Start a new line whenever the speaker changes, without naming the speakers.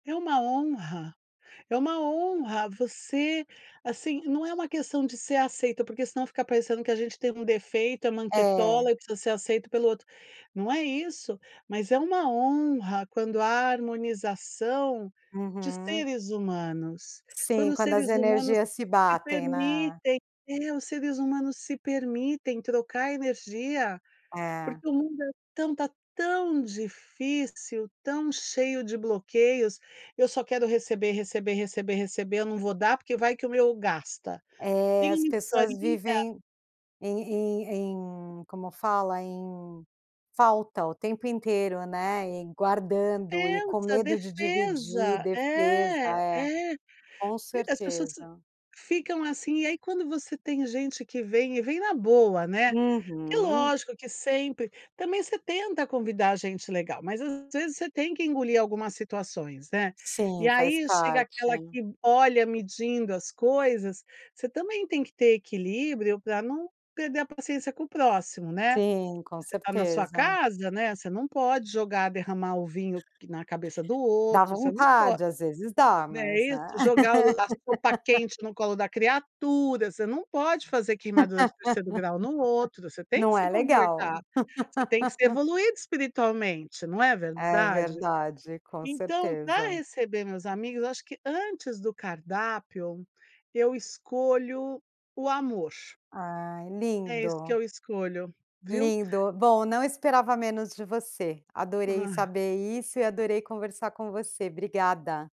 É uma honra, é uma honra você, assim, não é uma questão de ser aceita, porque senão fica parecendo que a gente tem um defeito, é manquetola
É.
e precisa ser aceito pelo outro, não é isso, mas é uma honra quando há harmonização de
Uhum.
seres humanos, quando
Sim,
os
quando as
seres humanos
energias se
se
batem, né?
permitem é os seres humanos se permitem trocar energia,
Eh.
porque o mundo é tão tá tão difícil, tão cheio de bloqueios, eu só quero receber, receber, receber, receber, eu não vou dar porque vai que o meu gasta.
É as
[unintelligible]
pessoas
faria.
vivem em em em como fala? Em falta o tempo inteiro, né? E guardando e com
Defesa,
medo de dividir,
defesa
defesa
é
é,
é,
com
e as pessoas
certeza.
ficam, assim, e aí quando você tem gente que vem e vem na boa, né, é
Uhum.
lógico que sempre também você tenta convidar gente legal, mas às vezes você tem que engolir algumas situações, né? E
Sim faz
aí chega aquela
parte.
que olha medindo as coisas, você também tem que ter equilíbrio pra não perder a paciência com o próximo, né.
Sim, com
Você tá na sua
certeza.
casa, né, você não pode jogar derramar o vinho na cabeça do
Dá
outro, você não pode,
vontade às vezes dá
né
mas,
isso?
né.
Jogar o lá o a sopa quente no colo da criatura, você não pode fazer queimadura de terceiro grau no outro, você tem que
Não
se
é
comportar,
legal.
você tem que ser evoluído espiritualmente, não é
É
verdade?
verdade, com
Então, pra
certeza.
receber meus amigos acho que antes do cardápio, eu escolho o amor.
Ai,
É isso que
lindo.
eu escolho, viu?
Lindo. Bom, não esperava menos de você. Adorei
Ah.
saber isso e adorei conversar com você, obrigada.